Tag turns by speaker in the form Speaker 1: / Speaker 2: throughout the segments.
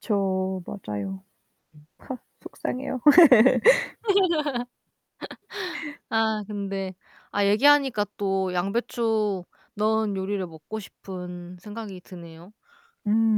Speaker 1: 그쵸. 맞아요.
Speaker 2: 음.
Speaker 1: 속상해요.
Speaker 2: 아 근데 아 얘기하니까 또 양배추 넣은 요리를 먹고 싶은 생각이 드네요.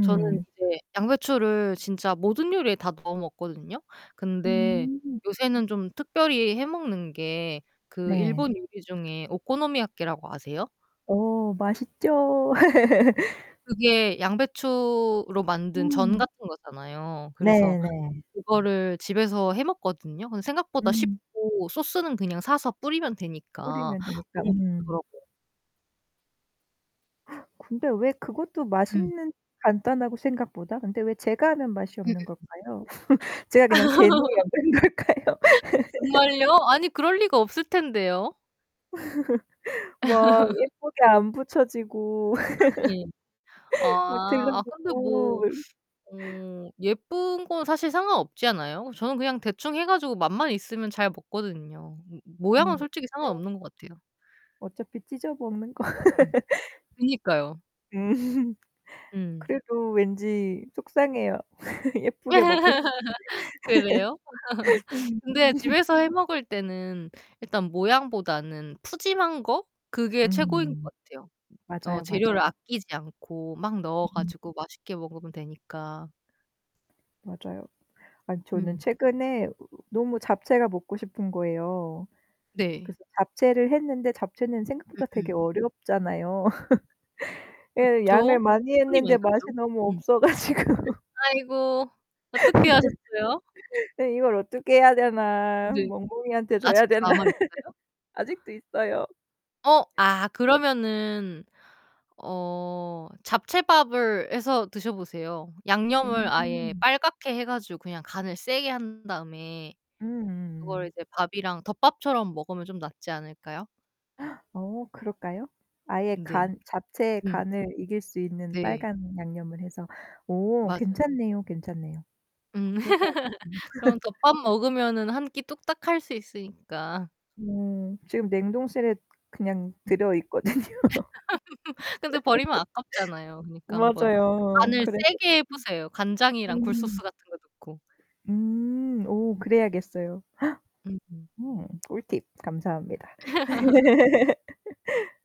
Speaker 2: 저는 이제 양배추를 진짜 모든 요리에 다 넣어 먹거든요. 근데
Speaker 1: 음.
Speaker 2: 요새는 좀 특별히 해 먹는 게 그
Speaker 1: 네.
Speaker 2: 일본 요리 중에 오코노미야키라고 아세요?
Speaker 1: 오 맛있죠.
Speaker 2: 그게 양배추로 만든 전
Speaker 1: 음.
Speaker 2: 같은 거잖아요.
Speaker 1: 네
Speaker 2: 그래서
Speaker 1: 네.
Speaker 2: 그거를 집에서 해 먹거든요. 근데 생각보다
Speaker 1: 음.
Speaker 2: 쉽고 소스는 그냥 사서 뿌리면 되니까
Speaker 1: 뿌리면 되니까.
Speaker 2: 너무
Speaker 1: 음.
Speaker 2: 좋더라고요.
Speaker 1: 근데 왜 그것도
Speaker 2: 음.
Speaker 1: 맛있는 간단하고 생각보다. 근데 왜 제가 하면 맛이 없는
Speaker 2: 음음음.
Speaker 1: 걸까요? 제가 그냥 재능이 없는 걸까요?
Speaker 2: 정말요? 아니 그럴 리가 없을 텐데요.
Speaker 1: 막 예쁘게 안 부쳐지고
Speaker 2: 아 네.
Speaker 1: 막
Speaker 2: 아. 아 근데
Speaker 1: 들러붙고
Speaker 2: 뭐
Speaker 1: 을
Speaker 2: 어 예쁜 건 사실 상관없지 않아요? 저는 그냥 대충 해 가지고 맛만 있으면 잘 먹거든요. 므 모양은
Speaker 1: 음
Speaker 2: 솔직히
Speaker 1: 차에
Speaker 2: 상관없는 것 같아요.
Speaker 1: 어차피 찢어 먹는 거.
Speaker 2: 으음. 그니까요.
Speaker 1: 음.
Speaker 2: 음.
Speaker 1: 그래도 왠지 속상해요. 예쁘게 먹고 싶은데.
Speaker 2: 그래요?
Speaker 1: 음.
Speaker 2: 근데 집에서 해 먹을 때는 일단 모양보다는 푸짐한 거 그게 최고인 것
Speaker 1: 음.
Speaker 2: 같아요. 어
Speaker 1: 맞아요, 맞아요.
Speaker 2: 재료를 아끼지 않고 막 넣어
Speaker 1: 음.
Speaker 2: 가지고 맛있게 먹으면 되니까.
Speaker 1: 맞아요. 아니 저는
Speaker 2: 음.
Speaker 1: 최근에 너무 잡채가 먹고 싶은 거예요.
Speaker 2: 네.
Speaker 1: 그래서 잡채를 했는데 잡채는 생각보다 되게
Speaker 2: 음음.
Speaker 1: 어렵잖아요. 예. 양을
Speaker 2: 그쵸.
Speaker 1: 많이
Speaker 2: 손이
Speaker 1: 했는데
Speaker 2: 많이
Speaker 1: 맛이
Speaker 2: 가죠.
Speaker 1: 너무
Speaker 2: 음.
Speaker 1: 없어 가지고.
Speaker 2: 아이고. 어떻게 하셨어요?
Speaker 1: 네. 이걸 어떻게 해야 되나.
Speaker 2: 네.
Speaker 1: 멍멍이한테 줘야
Speaker 2: 아직도
Speaker 1: 되나.
Speaker 2: 남아 있어요?
Speaker 1: 아직도 있어요.
Speaker 2: 어. 아 그러면은 어 잡채밥을 해서 드셔 보세요. 양념을 아예
Speaker 1: 음.
Speaker 2: 빨갛게 해 가지고 그냥 간을 세게 한 다음에 그거를
Speaker 1: 음.
Speaker 2: 이제 밥이랑 덮밥처럼 먹으면 좀 낫지 않을까요?
Speaker 1: 어 그럴까요? 아예
Speaker 2: 네.
Speaker 1: 간 자체의
Speaker 2: 음.
Speaker 1: 간을 이길 수 있는
Speaker 2: 네.
Speaker 1: 빨간 양념을 해서. 오
Speaker 2: 맞아요.
Speaker 1: 괜찮네요, 괜찮네요.
Speaker 2: 음.
Speaker 1: 그렇게 해 봐야 음.
Speaker 2: 그럼 덮밥 먹으면은 1 끼 뚝딱할 수 있으니까.
Speaker 1: 음. 지금 냉동실에 그냥 들어 있거든요.
Speaker 2: 근데 버리면 아깝잖아요. 그니까 한번
Speaker 1: 맞아요.
Speaker 2: 간을
Speaker 1: 그래서
Speaker 2: 세게 해 보세요 간장이랑 굴 소스
Speaker 1: 음.
Speaker 2: 같은 거 넣고.
Speaker 1: 음. 음. 음. 오 그래야겠어요.
Speaker 2: 음음.
Speaker 1: 어 꿀팁 감사합니다.